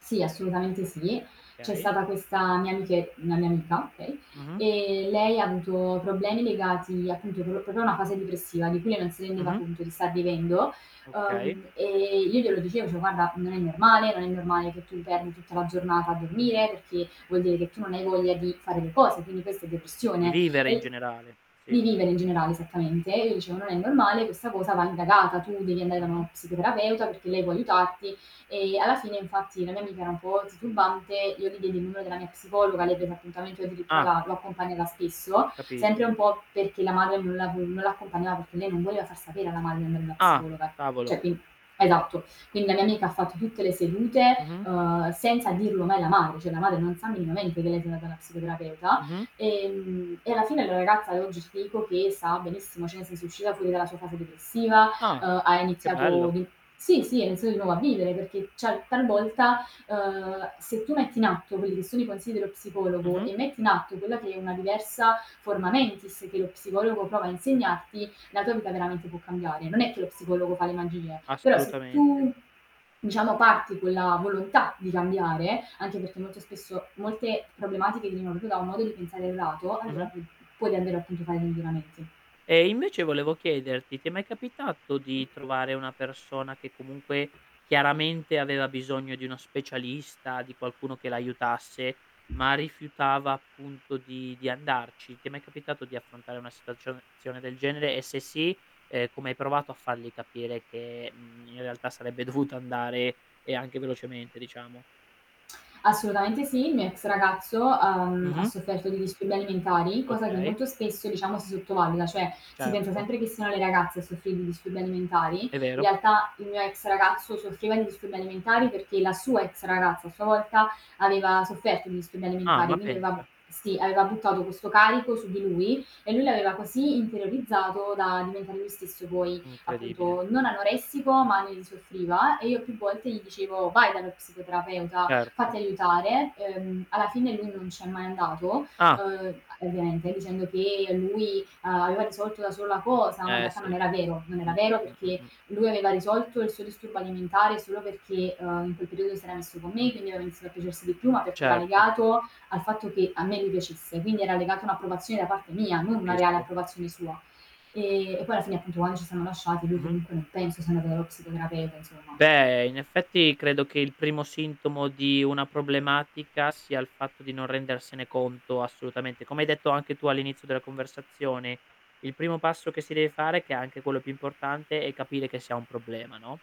Sì assolutamente sì. C'è Okay. stata questa mia amiche una mia amica okay, Mh-mh. ehm, lei ha avuto problemi legati appunto pro proprio a una fase depressiva di cui lei non si rendeva Mh-mh. appunto di star vivendo. Okay. Uhm, ehm, io glielo dicevo, dicevo: "Guarda non è normale, non è normale che tu im perdi tutta la giornata a dormire, perché vuol dire che tu non hai voglia di fare le cose, quindi questa è Di depressione vivere in e" generale, sì. di vivere in generale, esattamente. E io dicevo: "Non è normale, questa cosa va indagata, tu devi andare da uno Mh-mh. psicoterapeuta perché lei può aiutarti," ehm, alla fine infatti la mia amica era un po' titubante, io gli diedi il numero della mia psicologa, lei prese appuntamento e io addirittura Ah. l'ha l'ho accompagnata spesso, sempre un Capisco. po' perché la madre non la non l'accompagnava perché lei non voleva far sapere alla madre che andava da una Ah, psicologa. cavolo. Cioè quin esatto. Quindi la mia amica ha fatto tutte le sedute, Mh-mh. uhm, senza dirlo mai alla madre, cioè la madre non sa minimamente che lei se ne va da una psicoterapeuta. Mh-mh. Ehm, e alla fine la ragazza oggi, ci dico che sta benissimo, cioè nel senso, è uscita fuori dalla sua fase depressiva, Ah, uhm ha che iniziato bello. di sì, sì ha iniziato di nuovo a vivere perché, cioè talvolta, ehm, se tu metti in atto quelli che sono i consigli dello psicologo Mh-mh. e metti in atto quella che è una diversa forma mentis che lo psicologo prova a insegnarti, la tua vita veramente può cambiare. Non è che lo psicologo fa le magie, però se Assolutamente. tu, diciamo parti quella volontà di cambiare anche perché molto spesso molte problematiche di neuro tu da un modo di pensare errato, allora Mh-mh. pu p puoi davvero appunto fare dei miglioramenti. Ehm, invece volevo chiederti: ti è mai capitato di trovare una persona che comunque, chiaramente, aveva bisogno di uno specialista, di qualcuno che l'aiutasse, ma rifiutava appunto di di andarci? Ti è mai capitato di affrontare una situacio zione del genere, e se sì, ehm, come hai provato a fargli capire che, mhmm, in realtà sarebbe dovuto andare e anche velocemente diciamo? Assolutamente sì, il mio ex ragazzo ha, uhm, ha Mh-mh. sofferto di disturbi alimentari, cosa che Okay. molto spesso diciamo si sottovaluta, cioè si pensa Certo. sempre che siano le ragazze a soffrire di disturbi alimentari. In È vero. realtà il mio ex ragazzo soffriva di disturbi alimentari, perché la sua ex ragazza a sua volta aveva sofferto di disturbi Ah, alimentari ma quindi aveva pensa. sì, aveva buttato questo carico su di lui e lui l'aveva così interiorizzato da diventare lui stesso poi Incredibile. appunto non anoressico, ma lui soffriva e io più volte gli dicevo: "Vai dallo psicoterapeuta, Certo. fatti aiutare." Ehm, alla fine lui non ci è mai andato, Ah. ehm, ovviamente dicendo che lui aveva risolto da solo la cosa, ma in Eh, realtà non sì. era vero. Non era Mh-mh, vero perché mh-mh. lui aveva risolto il suo disturbo alimentare solo perché, ehm, in quel periodo si era messo con me, quindi aveva iniziato a piacersi di più, ma perché era Certo. legato al fatto che a me mi piacesse, quindi era legato a un'approvazione da parte mia, non una reale Capisco. approvazione sua. Ehm, e poi alla fine appunto quando ci siamo lasciati lui Mh-mh. comunque non penso sia andato dallo psicoterapeuta insomma. Beh, in effetti, credo che il primo sintomo di una problematica, sia il fatto di non rendersene conto assolutamente. Come hai detto anche tu all'inizio della conversazione, il primo passo che si deve fare, che è anche quello più importante, è capire che si un problema, no?